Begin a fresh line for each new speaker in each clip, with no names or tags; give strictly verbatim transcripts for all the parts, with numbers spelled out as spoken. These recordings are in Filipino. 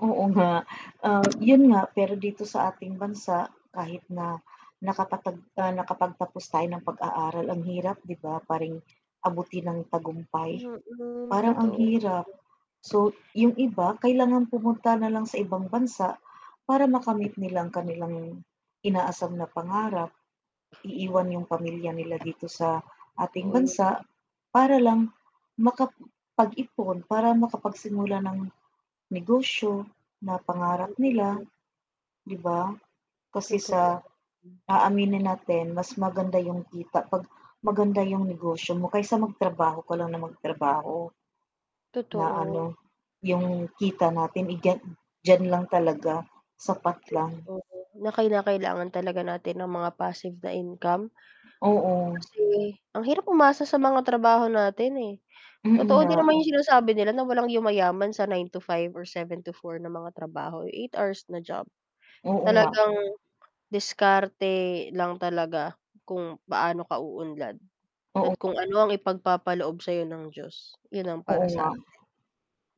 Oo nga, um, yun nga, pero dito sa ating bansa, kahit na nakapatag nakapagtapos tayo ng pag-aaral ang hirap, 'di ba paring abutin ng tagumpay,
Mm,
parang ang
totoo.
hirap. So, yung iba kailangan pumunta na lang sa ibang bansa para makamit nilang kanilang inaasam na pangarap.
Oo
Iiwan yung pamilya
naman.
nila dito sa ating
Totoo yun.
bansa para lang makapag-ipon para makapagsimula ng negosyo na pangarap nila,
Mm.
'di ba? Kasi
Totoo
sa
yan. Hm.
aaminin natin mas maganda yung kita pag maganda yung negosyo mo kaysa magtrabaho ko lang na magtrabaho. Na
Totoo.
ano, yung kita natin, eh, dya diyan lang talaga, sapat lang.
Totoo na kinakailangan talaga natin ng mga passive na income
Oo.
kasi ang hirap umasa sa mga trabaho natin, eh,
Mm
totoo
nga.
din naman yung sinasabi nila na walang yumayaman sa nine to five or seven to four na mga trabaho eh, eight hours na job.
Oo nga.
Talagang diskarte lang talaga kung paano ka uunlad
Oo
at
nga.
kung ano ang ipagpapaloob sayo ng Diyos 'yon ang
Oo
para sa
nga,
akin.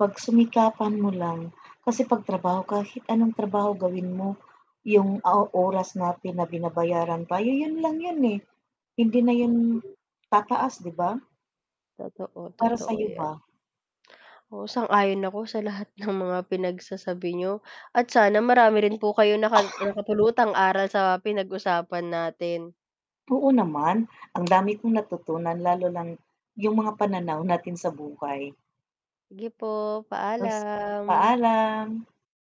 pagsumikapan mo lang kasi 'pag trabaho, kahit anong trabaho gawin mo yung o oras natin na binabayaran tayo, yun lang yun, eh, hindi na yun tataas, 'di ba?
Totoo,
Para
totoo
sayo
yan.
ba?
Oo, sang-ayon ako sa lahat ng mga pinagsasabi niyo at sana marami rin po kayong naka nakapulutang aral sa pinag-usapan natin.
Oo naman, ang dami kong natutunan lalo ng yung mga pananaw natin sa buhay.
Sige po,
Yes,
paalam.
paalam.